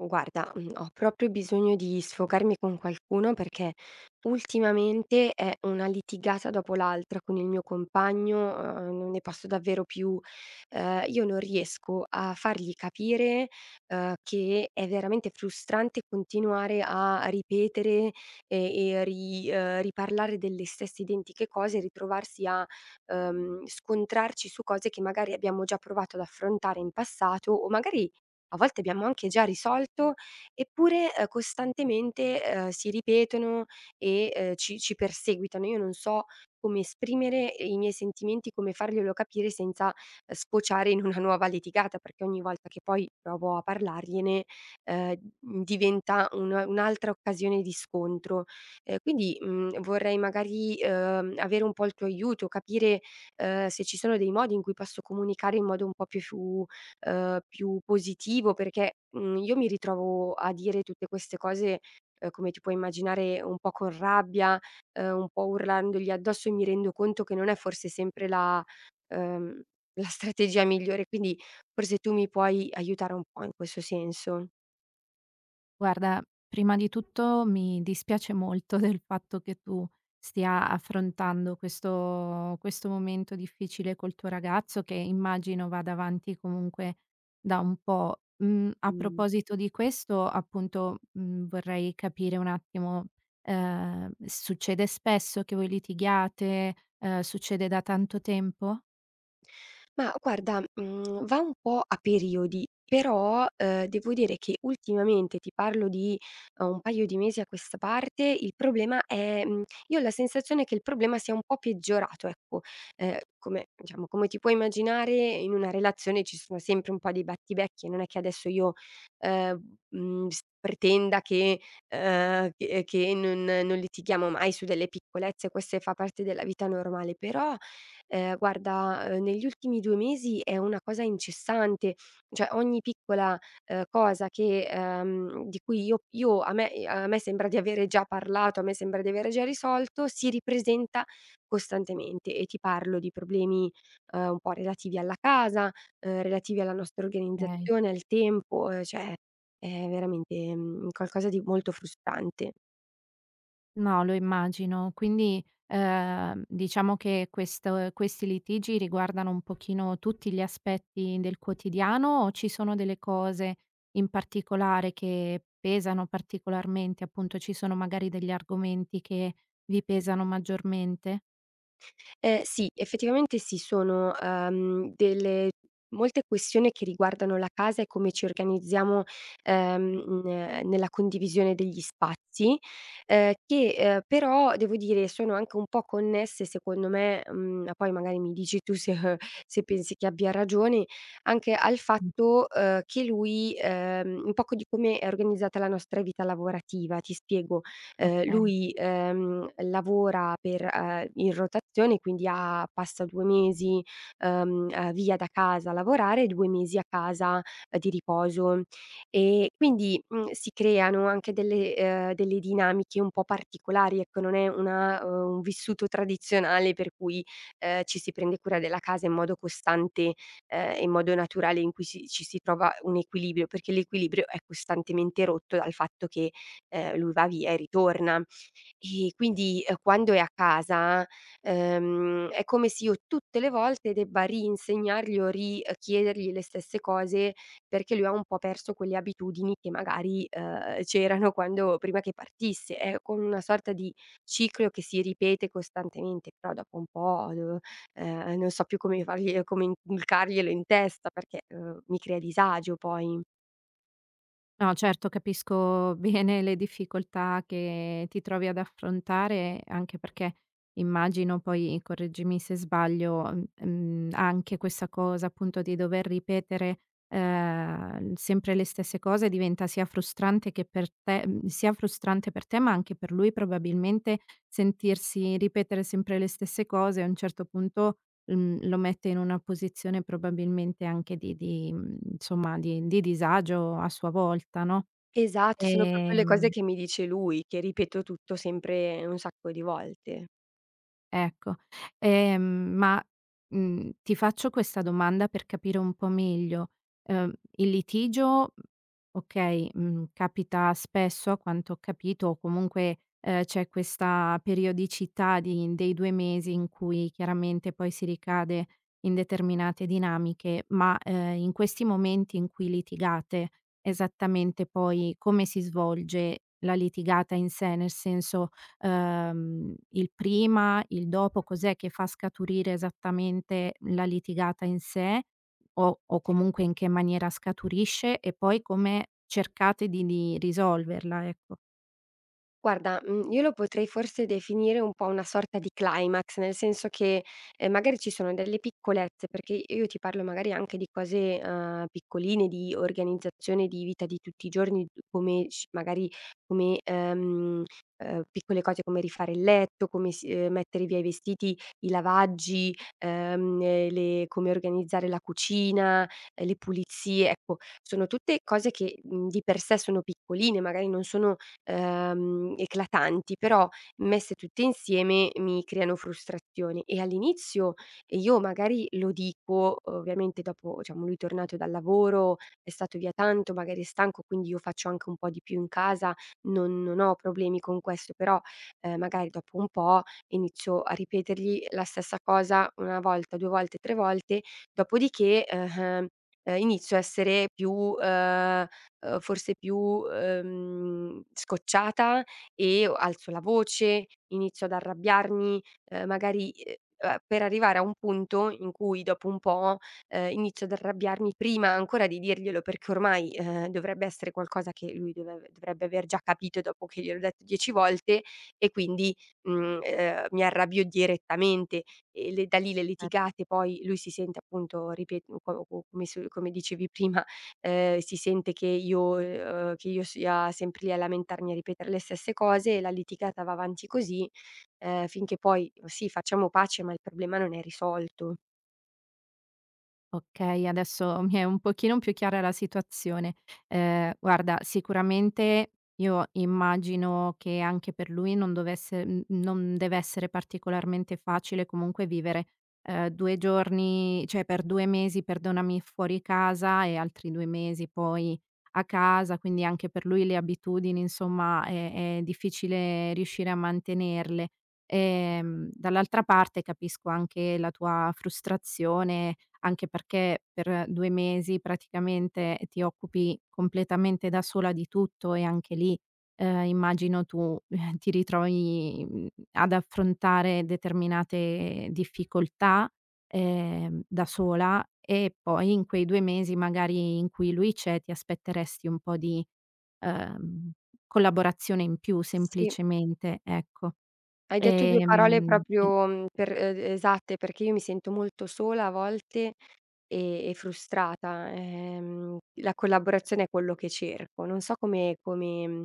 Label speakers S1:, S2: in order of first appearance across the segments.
S1: Guarda, mhmm, ho proprio bisogno di sfocarmi con qualcuno perché ultimamente è una litigata dopo l'altra con il mio compagno, uhm, non ne posso davvero più. Ehm, io non riesco a fargli capire, uhm, che è veramente frustrante continuare a ripetere e e ri uhm, riparlare delle stesse identiche cose, ritrovarsi a, uhm, scontrarci su cose che magari abbiamo già provato ad affrontare in passato, o magari a volte abbiamo anche già risolto eppure, ehm, costantemente, ehm, si ripetono e, uhm, ci ci perseguitano. Io non so come esprimere, ehm, i miei sentimenti, come farglielo capire senza, uhm, sfociare in una nuova litigata, perché ogni volta che poi provo a parlargliene, uhm, mhmm, diventa una un'altra occasione di scontro. E quindi, mhmm, vorrei magari, uhm, avere un po' il tuo aiuto, capire, uhm, se ci sono dei modi in cui posso comunicare in modo un po' più fu uhm, più positivo perché, mhmm, io mi ritrovo a dire tutte queste cose, ehm, come ti puoi immaginare un po' con rabbia, uhm, un po' urlandogli addosso, e mi rendo conto che non è forse sempre la uhm, la strategia migliore, quindi forse tu mi puoi aiutare un po' in questo senso.
S2: Guarda, prima di tutto mi dispiace molto del fatto che tu stia affrontando questo questo momento difficile col tuo ragazzo che immagino vada avanti comunque da un po'. Mhmm, a
S1: Mh.
S2: proposito di questo, appunto, mhmm, vorrei capire un attimo, ehm, s succede spesso che voi litighiate? Ehm, succede da tanto tempo?
S1: Mah, guarda, mhmm, va un po' a periodi, però, uhm, devo dire che ultimamente, ti parlo di, uhm, un paio di mesi a questa parte, il problema è, mhmm io ho la sensazione che il problema sia un po' peggiorato ecco, ehm, come diciamo come ti puoi immaginare, in una relazione ci sono sempre un po' di battibecchi e non è che adesso io, ehm, mhmm, s pretenda che uhm, che che non non litighiamo mai su delle piccolezze, queste fa parte della vita normale però, ehm, guarda, uhm, negli ultimi 2 mesi è una cosa incessante; cioè, ogni piccola, uhm, cosa che, ehm di cui io io a me e a me sembra di avere già parlato, a me sembra di avere già risolto, si ripresenta costantemente e ti parlo di problemi, uhm, un po' relativi alla casa, uhm, relativi alla nostra
S2: Okay.
S1: organizzazione, al tempo, uhm, cioè è veramente, mhmm, un qualcosa di molto frustrante.
S2: No, lo immagino. Quindi, ehm, diciamo che questo ehm, questi litigi riguardano un pochino tutti gli aspetti del quotidiano o ci sono delle cose in particolare che pesano particolarmente? Appunto, ci sono magari degli argomenti che vi pesano maggiormente?
S1: Eh, sì. Effettivamente, sì. Sono, uhm, delle molte questioni che riguardano la casa e come ci organizziamo, ehm ehm, nella condivisione degli spazi, ehm, che, ehm, però devo dire sono anche un po' connesse secondo me, mhmm, poi magari mi dici tu se, uhm se pensi che abbia ragione, anche al fatto, uhm, che lui, ehm, un poco di come è organizzata la nostra vita lavorativa. Ti spiego: ehm,
S2: Okay.
S1: lui, ehm, lavora per, uhm in rotazione, quindi a passa 2 mesi, uhm, ehm, via da casa a lavorare, 2 mesi a casa di riposo. E quindi, mhmm, si creano anche delle, ehm delle dinamiche un po' particolari, ecco, non è una, ehm un vissuto tradizionale per cui, ehm, ci si prende cura della casa in modo costante, ehm, in modo naturale, in cui si ci si trova un equilibrio, perché l'equilibrio è costantemente rotto dal fatto che, ehm, lui va via e ritorna. E quindi, ehm, quando è a casa, ehm, è come se io tutte le volte debba ri-insegnargli o ri-chiedergli le stesse cose, perché lui ha un po' perso quelle abitudini che magari, uhm, c'erano quando prima che partisse. È come una sorta di ciclo che si ripete costantemente, però dopo un po' devo ehm, e non so più come farglielo come inculcarglielo in testa, perché, uhm, mi crea disagio poi.
S2: No, certo. Capisco bene le difficoltà che ti trovi ad affrontare, anche perché immagino poi, correggimi se sbaglio, mh mhmm, anche questa cosa appunto di dover ripetere, ehm, sempre le stesse cose diventa sia frustrante che per te mhmm, sia frustrante per te, ma anche per lui probabilmente sentirsi ripetere sempre le stesse cose, a un certo punto, mhmm, lo mette in una posizione probabilmente anche di di, mhmm insomma, di di disagio a sua volta, no.
S1: Esatto, sono proprio le cose
S2: Ehm
S1: che mi dice lui, che ripeto tutto sempre un sacco di volte.
S2: Ecco, ehm, ma, mhmm, ti faccio questa domanda per capire un po' meglio: ehm, il litigio, okay, mhmm, capita spesso a quanto ho capito o comunque, ehm, c'è questa periodicità di dei 2 mesi in cui chiaramente poi si ricade in determinate dinamiche, ma, ehm, in questi momenti in cui litigate esattamente poi come si svolge la litigata in sé, nel senso, ehm, il prima, il dopo, cos'è che fa scaturire esattamente la litigata in sé o o comunque in che maniera scaturisce e poi come cercate di di risolverla, ecco?
S1: Guarda, mhmm, io lo potrei forse definire un po' una sorta di climax nel senso che, ehm, magari ci sono delle piccolezze perché i io ti parlo magari anche di cose, ehm, piccoline di organizzazione di vita di tutti i giorni d come sci magari come, ehm, uhm, piccole cose come rifare il letto, come s ehm, mettere via i vestiti, i lavaggi, ehm, e le come organizzare la cucina, le pulizie, ecco sono tutte cose che, mhmm, di per sé sono piccoline, magari non sono, ehm, eclatanti però messe tutte insieme mi creano frustrazione e all'inizio io magari lo dico, ovviamente dopo diciamo lui tornato dal lavoro è stato via tanto, magari è stanco quindi io faccio anche un po' di più in casa non non ho problemi con questo però, ehm, magari dopo un po' inizio a ripetergli la stessa cosa una volta, due volte, tre volte dopodiché, eh ehm, e inizio a essere più, ehm o forse più, ehm, scocciata e o alzo la voce, inizio ad arrabbiarmi, ehm, magari, ehm a per arrivare a un punto in cui dopo un po', ehm, inizio ad arrabbiarmi prima ancora di dirglielo perché ormai, ehm, dovrebbe essere qualcosa che lui deve dovrebbe aver già capito dopo che gliel'ho detto dieci volte e quindi, mhmm, ehm, mi arrabbio direttamente e le da lì le
S2: Eh.
S1: litigate poi lui si sente appunto ripeto [unintelligible] come dicevi prima, ehm, si sente che io, ehm, che io sia sempre lì a lamentarmi a ripetere le stesse cose e la litigata va avanti così, ehm, finché poi sì facciamo pace ma il problema non è risolto.
S2: Okay, adesso mi è un pochino più chiara la situazione. Ehm, guarda sicuramente io immagino che anche per lui non dovesse n non dev'essere particolarmente facile comunque vivere, ehm, 2 giorni cioè per 2 mesi, perdonami, fuori casa e altri 2 mesi poi a casa, quindi anche per lui le abitudini insomma è è difficile riuscire a mantenerle. Ehm, dall'altra parte capisco anche la tua frustrazione, anche perché per 2 mesi praticamente ti occupi completamente da sola di tutto, e anche lì, ehm, immagino tu ti ritrovi, mhmm, ad affrontare determinate difficoltà, ehm, da sola e poi in quei 2 mesi magari in cui lui c'è ti aspetteresti un po' di, uhm, collaborazione in più
S1: Sì.
S2: semplicemente, ecco.
S1: Hai detto 2 parole
S2: Ehm, e
S1: proprio, mhmm, per e d esatte, perchè io mi sento molto sola a volte e e frustrata, ehm, la collaborazione è quello che cerco. Non so come come mhmm,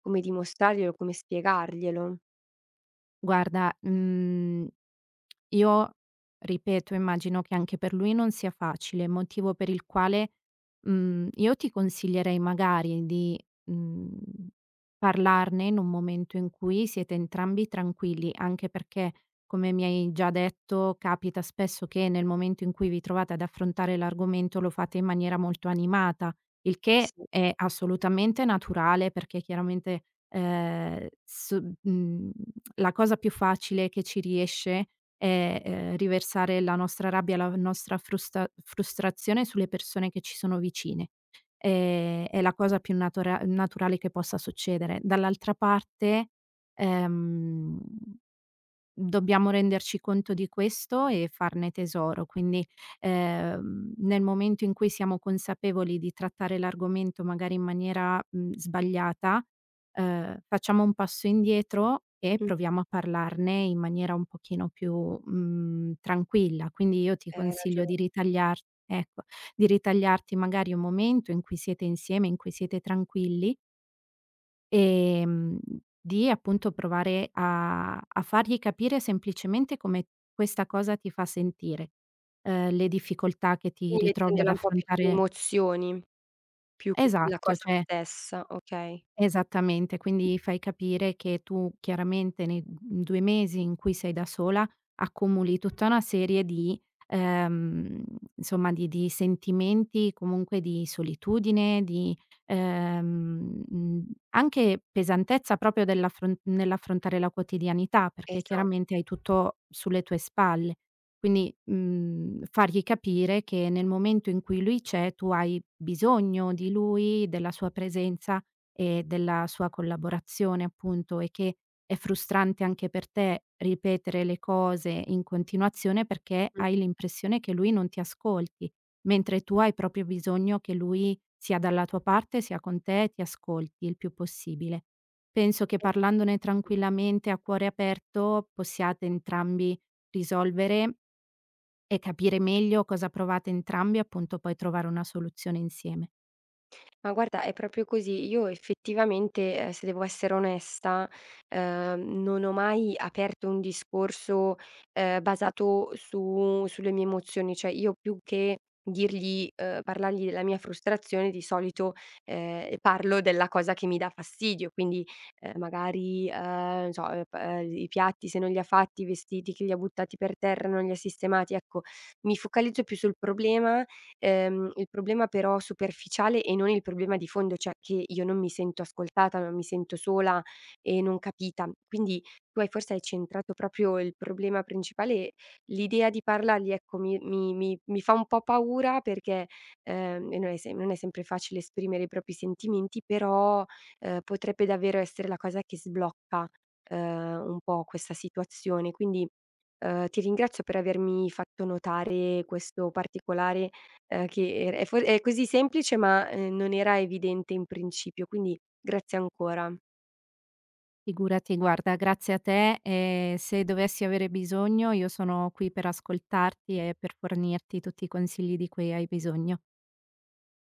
S1: come dimostrarglielo, come spiegarglielo.
S2: Guarda, mhmm, io, ripeto immagino che anche per lui non sia facile, motivo per il quale, mhmm, io ti consiglierei magari di, mhmm, parlarne in un momento in cui siete entrambi tranquilli, anche perché, come mi hai già detto, capita spesso che nel momento in cui vi trovate ad affrontare l'argomento lo fate in maniera molto animata; il che
S1: Sì.
S2: è assolutamente naturale, perché chiaramente, ehm, s mhmm, la cosa più facile che ci riesce, è, ehm, riversare la nostra rabbia, la v nostra frusta frustrazione sulle persone che ci sono vicine; ehm, è la cosa più natura naturale che possa succedere, dall'altra parte, ehm, dobbiamo renderci conto di questo e farne tesoro, quindi, ehm, nel momento in cui siamo consapevoli di trattare l'argomento magari in maniera, mhmm, sbagliata, ehm, facciamo un passo indietro, e
S1: Mh.
S2: proviamo a parlarne in maniera un pochino più, mhmm, tranquilla. Quindi io ti
S1: Hai
S2: consiglio
S1: ragio
S2: di ritagliar ecco, di ritagliarti magari un momento in cui siete insieme, in cui siete tranquilli ehm, di appunto provare a a fargli capire semplicemente come questa cosa ti fa sentire; uhm, le difficoltà che ti
S1: Quindi
S2: ritrovi ad
S1: mettendola un po' più sulle
S2: affrontare
S1: emozioni più che sulla
S2: Esatto,
S1: cosa
S2: cioè
S1: stessa, okay.
S2: Esattamente, quindi gli fai capire che tu chiaramente nei [unintelligible] 2 mesi in cui sei da sola, accumuli tutta una serie di ehm, insomma di di sentimenti comunque di solitudine di, ehm, mhmm, anche pesantezza proprio dell'affr nell'affrontare la quotidianità, perché
S1: Esa
S2: chiaramente hai tutto sulle tue spalle. Quindi, mhmm, fargli capire che, nel momento in cui lui c'è tu hai bisogno di lui, della sua presenza e della sua collaborazione appunto, e che è frustrante anche per te ripetere le cose in continuazione perché
S1: Mh.
S2: hai l'impressione che lui non ti ascolti, mentre tu hai proprio bisogno che lui sia dalla tua parte, sia con te, ti ascolti il più possibile. Penso che parlandone tranquillamente a cuore aperto possiate entrambi risolvere e capire meglio cosa provate entrambi appunto, poi trovare una soluzione insieme.
S1: Ma guarda, è proprio così. Io effettivamente, ehm, se devo essere onesta, uhm, non ho mai aperto un discorso, ehm, basato su sulle mie emozioni, cioè io più che dirgli uhm, parlargli la mia frustrazione di solito, ehm, e parlo della cosa che mi dà fastidio: quindi, ehm, magari, uhm, non so, uhm, pa uhm, gl i piatti se non li ha fatti, i vestiti che li ha buttati per terra, non ha li sistemati ecco, mi focalizzo più sul problema, ehm, il problema però superficiale e non il problema di fondo cioè, che io non mi sento ascoltata ma mi sento sola e non capita. Quindi tu hai forse, hai centrato proprio il problema principale l'idea di parlargli ecco, mi mi mi mi fa un po' paura perché, ehm e non è se non è sempre facile esprimere i propri sentimenti però, uhm, potrebbe davvero essere la cosa che sblocca, uhm, un po' questa situazione quindi, uhm, ti ringrazio per avermi fatto notare questo particolare, uhm che era è for è così semplice, ma, ehm, non era evidente in principio quindi grazie ancora.
S2: Figurati guarda grazie a te, e se dovessi avere bisogno io sono qui per ascoltarti e per fornirti tutti i consigli di cui hai bisogno.